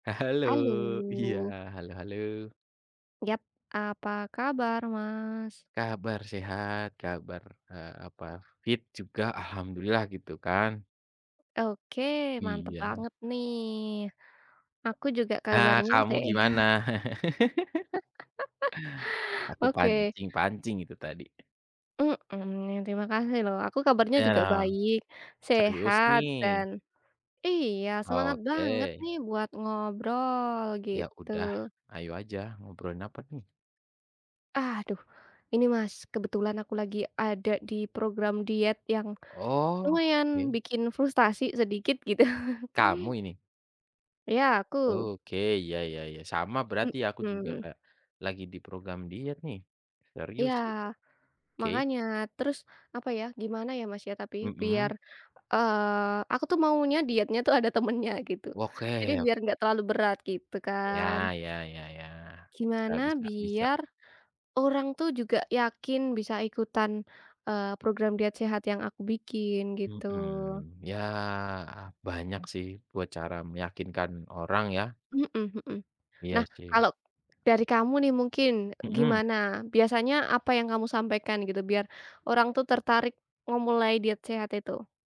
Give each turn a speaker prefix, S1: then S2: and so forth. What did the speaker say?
S1: E halo. Iya,
S2: Halo!
S1: halo halo.
S2: Yap, apa kabar, Mas?
S1: Kabar sehat, kabar, eee, apa, fit juga, Alhamdulillah, gitu kan?
S2: Oke, mantap
S1: Iya.
S2: banget nih. Aku juga
S1: Heeh,
S2: kabarnya
S1: kamu
S2: seha
S1: gimana? Aku
S2: Oke.
S1: pancing-pancing itu tadi.
S2: Mmm, terima kasih lho. Aku kabarnya
S1: Iya
S2: juga
S1: dong.
S2: baik,
S1: Serius
S2: sehat, dan
S1: nih?
S2: iya, semangat banget
S1: Oke.
S2: nih buat ngobrol,
S1: Ya
S2: gitu.
S1: udah, ayo aja. Ngobrolin apa nih?
S2: Aduh, ini, Mas, kebetulan aku lagi ada di program diet yang,
S1: Oh, oke.
S2: lumayan bikin frustasi sedikit, gitu.
S1: Kamu ini?
S2: Iya, aku.
S1: Oke, ya ya ya, sama berarti. Aku juga
S2: Mmm.
S1: kayak, lagi di program diet nih.
S2: Iya.
S1: Serius, gitu. Oke.
S2: Makanya. Terus, apa ya, gimana ya Mas ya, tapi, biar,
S1: Mhm.
S2: eee, aku tuh maunya dietnya tuh ada temannya, gitu. Jadi,
S1: Oke
S2: biar
S1: oke.
S2: nggak terlalu berat, gitu kan.
S1: Ya ya ya ya. Bisa
S2: Gimana
S1: bisa bisa.
S2: biar, orang tuh juga yakin bisa ikutan, eee, program diet sehat yang aku bikin, gitu.
S1: Mhm. Ya, banyak sih buat cara meyakinkan orang ya.
S2: Hmm hmm.
S1: Iya
S2: Nah,
S1: sih.
S2: kalo dari kamu nih mungkin,
S1: Mhm.
S2: gimana, biasanya apa yang kamu sampaikan, gitu, biar orang tuh tertarik memulai diet sehat itu?